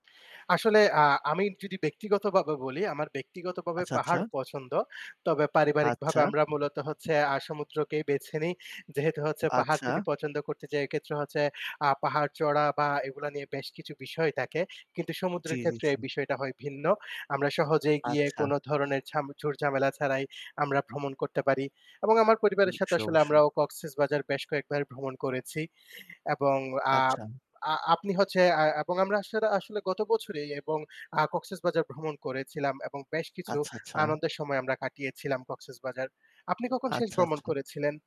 আসলে আ আমি যদি ব্যক্তিগতভাবে বলি, আমার ব্যক্তিগত ভাবে আচ্ছা, আচ্ছা। পাহাড় পছন্দ। তবে পারিবারিক ভাবে আচ্ছা। আমরা মূলত হচ্ছে আ সমুদ্রকেই বেছে নিই। যেহেতু হচ্ছে পাহাড় আচ্ছা। যদি পছন্দ করতে যাই এক্ষেত্রে হচ্ছে আ পাহাড় চড়া বা এগুলা নিয়ে বেশ কিছু বিষয় থাকে। কিন্তু জি, সমুদ্রের জি, ক্ষেত্রে জি। এই বিষয়টা হয় ভিন্ন। আমরা সহজেই গিয়ে আচ্ছা। কোন ধরণের ঝাম ঝুর-ঝামেলা ছাড়াই আমরা ভ্রমণ করতে পারি। এবং আমার উম পরিবারের সাথে অবশ্যই, আসলে অবশ্যই। আমরাও Cox's Bazar বেশ কয়েকবার ভ্রমণ করেছি। এবং আ আচ্ছা। আ আপনি হচ্ছে আ এবং আমরা আসরে আসলে গত বছরেই এবং আ Cox's Bazar ভ্রমণ করেছিলাম এবং বেশ কিছু আচ্ছা, আচ্ছা। আনন্দের সময় আমরা কাটিয়েছিলাম Cox's Bazar. আপনি কখন শেষ আচ্ছা, ভ্রমণ আচ্ছা। করেছিলেন?